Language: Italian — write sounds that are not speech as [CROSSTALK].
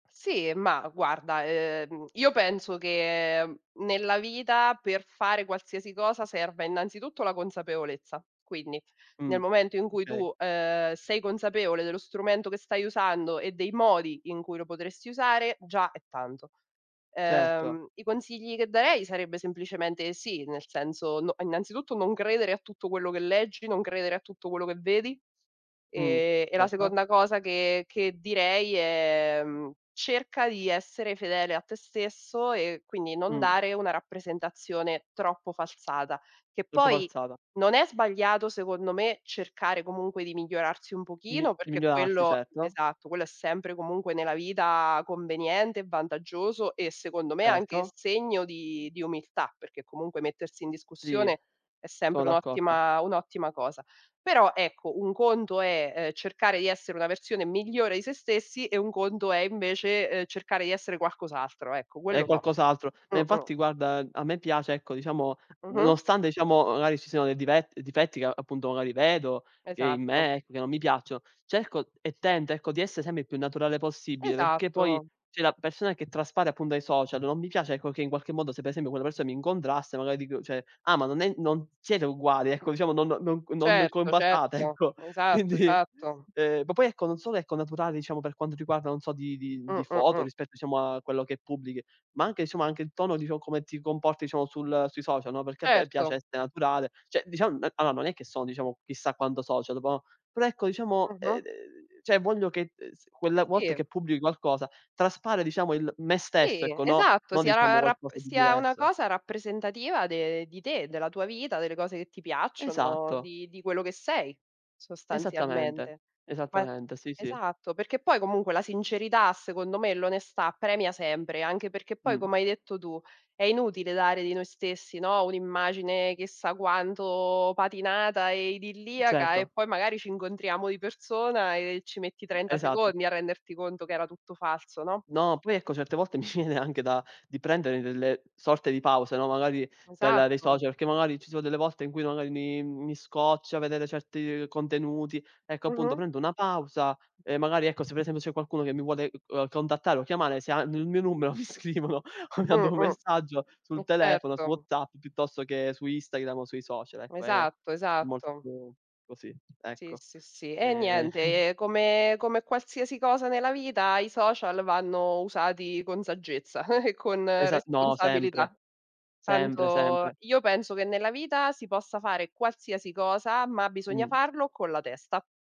Sì, ma guarda, ehm, io penso che, ehm, nella vita per fare qualsiasi cosa serva innanzitutto la consapevolezza. Quindi, Mh, nel momento in cui okay. tu, ehm, sei consapevole dello strumento che stai usando e dei modi in cui lo potresti usare, già è tanto. Certo. Ehm, i consigli che darei sarebbe semplicemente sì, nel senso no, innanzitutto non credere a tutto quello che leggi, non credere a tutto quello che vedi, Mh, ehm, e la certo. seconda cosa che che direi è, mhmm, cerca di essere fedele a te stesso e quindi non Mh. dare una rappresentazione troppo falsata. Che Troppo poi falsata. non è sbagliato secondo me cercare comunque di migliorarsi un Mi pochino, di perché migliorarsi quello certo. esatto, quello è sempre comunque nella vita conveniente e vantaggioso e secondo me anche s Certo. segno di di umiltà, perché comunque mettersi in Sì. discussione è Sono sempre d'accordo. un'ottima un'ottima cosa. Però ecco, un conto è, ehm, cercare di essere una versione migliore di se stessi e un conto è invece, ehm, cercare di essere qualcos'altro, ecco, È quello no. qualcos'altro. Ma Mh, mh. infatti guarda, ehm, a me piace ecco diciamo, Mh-mh. nonostante diciamo magari ci siano dive difetti che appunto magari vedo, che in Esatto. me, che non mi piacciono, cerco e tento ecco, di essere sempre il più naturale possibile, perché poi Esatto. cioè la persona che traspare appun dai social, non mi piace, ecco, che in qualche modo, se per esempio quella persona mi incontrasse, magari dico, cioè: "Ah ma non è non siete uguali", ecco, diciamo. "Non no non Certo, combaciate," certo, ecco; esatto, quindi esatto. ehm, ma poi ecco, non solo ecco naturale, diciamo, per quanto riguarda, non so, di di Mh, di mh, foto mh. rispetto diciamo a quello che pubblichi, ma anche insomma, anche il tono diciamo, come ti comporti diciamo sul sui social, no, perché a me piace Erto. esse naturale, cioè dicia mhmm, allora non è che sono diciamo, chissà quanto social dopo, oh, però ecco diciamo, ehm, Mh-mh. d ehm cioè voglio che, ehm, s quella volta Sì. che pubbli qualcosa traspare diciamo il me stesso, Sì ecco, no, esatto, no sia diciamo ra rapp qualcosa di sia una diverso. cosa rappresentativa de di te, della tua vita, delle cose che ti piacciono, Esatto. di di quello che sei Esattamente, sostanzialmente. Poi esattamente, sì, sì. esatto, perché poi comunque la sincerità secondo me, l'onestà premia sempre, anche perché poi Mh. come hai detto tu, è inutile dare di noi stessi, no, un'immagine chissà quanto patinata e idilliaca e Certo. poi magari ci incontriamo di persona e ci metti 30 Esatto. secondi a renderti conto che era tutto falso, no? No, poi ecco certe volte mi viene anche da di prendere delle sorte di pause, no, magari dal dai Esatto. social, che magari ci sono delle volte in cui magari mi mi scoccia vedere certi contenuti. Ecco appunto, Mh-mh. prendo una pausa e magari ecco, se per esempio c'è qualcuno che mi vuole, ehm, contattare o chiamare, se hanno il mio numero mi scrivono o mi Mh, mandano mh. messaggio sul Eh telefono, su certo. WhatsApp piuttosto che su Instagram o sui social; ecco, è Esatto, molto esatto. così, Sì, ecco. sì, sì. E Ehm [CHUCKLES] niente, ehm, come come qualsiasi cosa nella vita i social vanno usati con saggezza [CHUCKLES] e con Esa no, sempre. responsabilità. Sempre, Tanto sempre. io penso che nella vita si possa fare qualsiasi cosa, ma bisogna Mh. farlo con la testa.